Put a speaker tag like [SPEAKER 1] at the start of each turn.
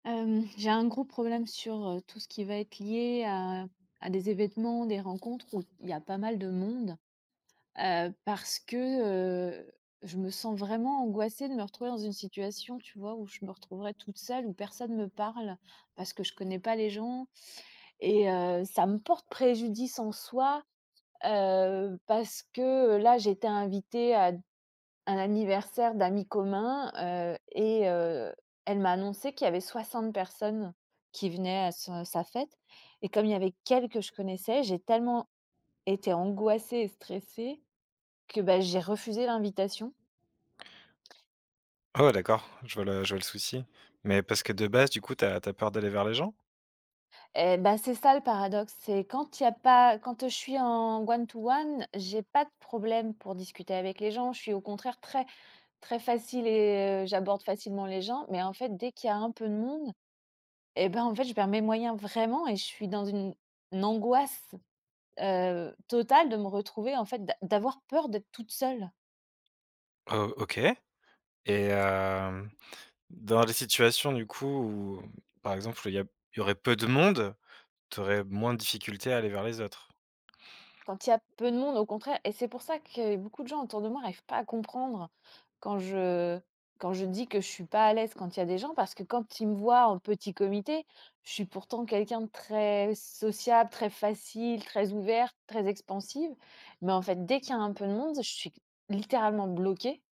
[SPEAKER 1] Hem, j'ai un gros problème sur, heu, tout ce qui va être lié à à des événements, des rencontres où il y a pas mal de monde, heu, parce que, heu, je me sens vraiment angoissée de me retrouver dans une situation, tu vois, où je me retrouverai toute seule, où personne me parle. Parce que je connais pas les gens et heu, ça me porte préjudice en soi, heu, parce que là j'étais invitée à un anniversaire d'amis communs, heu et heu, elle m'a annoncé qu'il y avait 60 personnes qui venaient à sa sa fête, et comme il y avait qu'elle que je connaissais, j'ai tellement été angoissée et stressée que bah, j'ai refusé l'invitation.
[SPEAKER 2] Ah ouais d'accord, je vois le je vois le souci, mais parce que de base du coup, tu as tu as peur d'aller vers les gens?
[SPEAKER 1] Eh bah, c'est ça le paradoxe, c'est quand il y a pas quand je suis en one to one, j'ai pas de problème pour discuter avec les gens, je suis au contraire très très facile et j'aborde facilement les gens. Mais en fait dès qu'il y a un peu de monde, et ben en fait je perds mes moyens vraiment et je suis dans une angoisse, heu, totale de me retrouver en fait d'a d'avoir peur d'être toute seule.
[SPEAKER 2] O OK et hem dans les situations du coup où par exemple il y a p il y aurait peu de monde, tu aurais moins de difficultés à aller vers les autres?
[SPEAKER 1] Quand il y a peu de monde au contraire et c'est pour ça que beaucoup de gens autour de moi arrivent pas à comprendre, quand je quand je dis que je suis pas à l'aise quand il y a des gens, parce que quand ils me voient en petit comité, je suis pourtant quelqu'un de très sociable, très facile, très ouverte, très expansive. Mais en fait dès qu'il y a un peu de monde, je suis q littéralement bloquée.